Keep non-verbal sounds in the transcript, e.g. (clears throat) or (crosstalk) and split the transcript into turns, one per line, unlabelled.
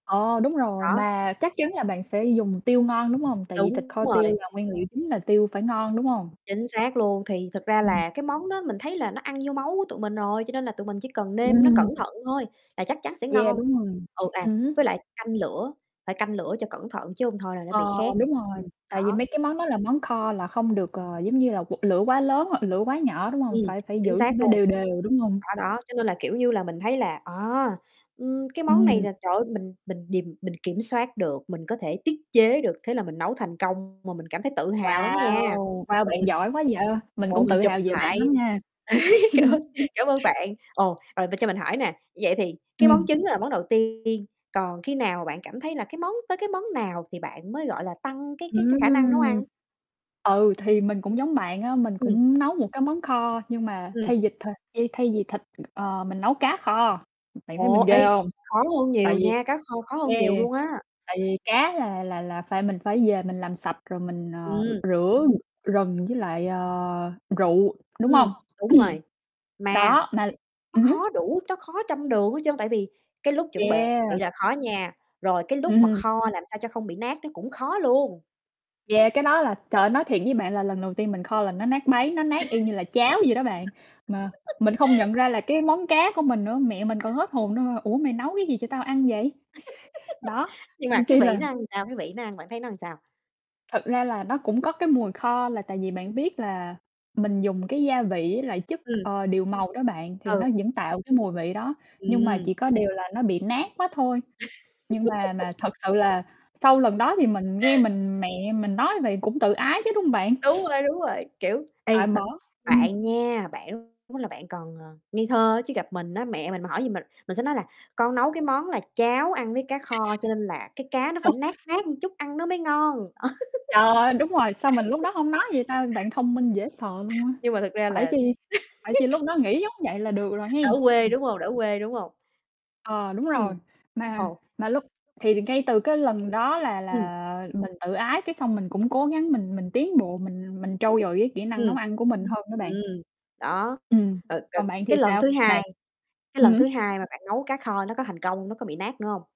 Ờ, đúng rồi,
Đó.
mà chắc chắn là bạn phải dùng tiêu ngon, đúng hông? Tại vì thịt
Đúng
kho tiêu
rồi.
là nguyên liệu chính là tiêu phải ngon, đúng hông?
Chính xác luôn, thì thực ra
Ừm.
là cái món đó mình thấy là nó ăn vô máu của tụi mình rồi, cho nên là tụi mình chỉ cần nêm nó cẩn
Ừm.
thận thôi, là chắc chắn sẽ
Yeah,
ngon.
đúng rồi,
Ừ, à,
ừm hứm.
với lại canh lửa, phải canh lửa cho cẩn thận chứ hông thôi là nó bị
Ờ,
khét.
đúng rồi,
Ừm,
tại vì mấy
đó.
cái món đó là món kho mà, không được, ờ, giống như là, quật lửa quá lớn hoặc lửa quá nhỏ, đúng hông?
Ừm,
Phải phải
chính
giữ
xác
cho nó
luôn.
đều đều, đúng hông?
Đó, đó, cho nên là kiểu như là mình thấy là, à, ừm, cái món này
Ừm.
là trời ơi mình mình điềm mình kiểm soát được, mình có thể tiết chế được, thế là mình nấu thành công mà mình cảm thấy tự hào lắm nha.
Wow! Wow bạn
Ồ.
giỏi quá vậy, mình
Ồ,
cũng
mình
tự
chụp
hào về bạn
lại,
lắm nha.
(laughs) cảm cảm ơn
(chuckles)
cảm ơn bạn. Ồ, rồi cho mình hỏi nè, vậy thì cái món
Ừm.
trứng đó là món đầu tiên, còn khi nào mà bạn cảm thấy là cái món tới cái món nào thì bạn mới, gọi là, tăng cái cái
Ừm.
cái khả năng nấu ăn?
Ừ,
Ừ.
thì mình cũng giống bạn á, mình
Ừm.
cũng nấu một cái món kho, nhưng mà
Ừm.
thay vịt th thay thay vì thịt, ờ, mình nấu cá kho, ư, bạn
Ờ,
thấy mình
ê,
ghê hông?
khó hơn
Tại
nhiều
vì,
nha, cá kho khó hơn
e
nhiều luôn á.
tại vì cá là là là phải mình phải về mình làm sạch rồi mình, ờ,
Ừm.
rửa gừng với lại, ờ, rượu, đúng
Ừm,
hông?
đúng rồi,
(clears throat)
mà
Đó, mà
nó
ừm hứm.
khó đủ, nó khó trăm đường hết trơn. Tại vì cái lúc chuẩn bị
Yeah.
là khó nha, rồi cái lúc mà
Ừm.
kho làm sao cho không bị nát nó cũng khó luôn.
Yeah, cái đó là, trời ơi, nói thiệt với bạn là lần đầu tiên mình kho là nó nát bấy, nó nát y như là cháo vậy đó bạn, mà mình không nhận
(laughs)
ra là cái món cá của mình nữa, mẹ mình còn hết hồn nữa: "Ủa, mày nấu cái gì cho tao ăn vậy?" (chuckles) Đó,
(laughs) Nhưng mà
nên
cái
chi
vị
là
nó sao? Cái vị nó ăn, bạn thấy nó sao?
Thật ra là nó cũng có cái mùi kho là tại vì bạn biết là mình dùng cái gia vị với lại chất,
Ừm.
ờ, điều màu đó bạn, thì
Ừ.
nó vẫn tạo cái mùi vị đó, nhưng mà
Ừm.
chỉ có điều là nó bị nát quá thôi. Nhưng mà mà thật sự là sau lần
(laughs)
đó thì mình nghe mình mẹ mình nói vậy cũng tự ái chứ, đúng hông bạn?
Đúng
(chuckles)
rồi, đúng rồi, kiểu, ê,
À,
mà
bỏ. Ừm.
bạn nha, bạn lúc đó bạn còn, ờ, ngây thơ chứ gặp mình á, mẹ mình mà hỏi gì mình, mình sẽ nói là con nấu cái món là cháo ăn với cá
(unintelligible)
kho, cho nên là cái cá nó phải
(unintelligible)
nát nát một chút ăn nó mới ngon.
Trời ơi, đúng rồi, sao mình lúc đó
(laughs)
hông nói vậy ta, bạn thông minh dễ sợ luôn á.
Nhưng mà thực ra
Phải
là
chi phải chi lúc
(laughs)
đó nghĩ giống vậy là được rồi
Đỡ
hén.
quê,
(chuckles)
đúng hông? Đỡ quê, đúng hông?
Ờ, đúng
Ừm,
rồi, mà
ờ.
mà lúc thì ngay từ cái lần đó là
Ừm.
là mình tự ái, cái xong mình cũng cố gắng mình mình tiến bộ, mình mình trau dồi cái kỹ năng nấu
Ừm.
ăn của mình hơn đó
Ừm,
bạn.
đó,
Ừm,
rồi rồi,
còn bạn thì
cái lần
sao?
thứ
Bạn
hai cái
ừm
lần thứ
hứm.
hai mà bạn nấu cá kho nó có thành công, nó có bị nát nữa hông?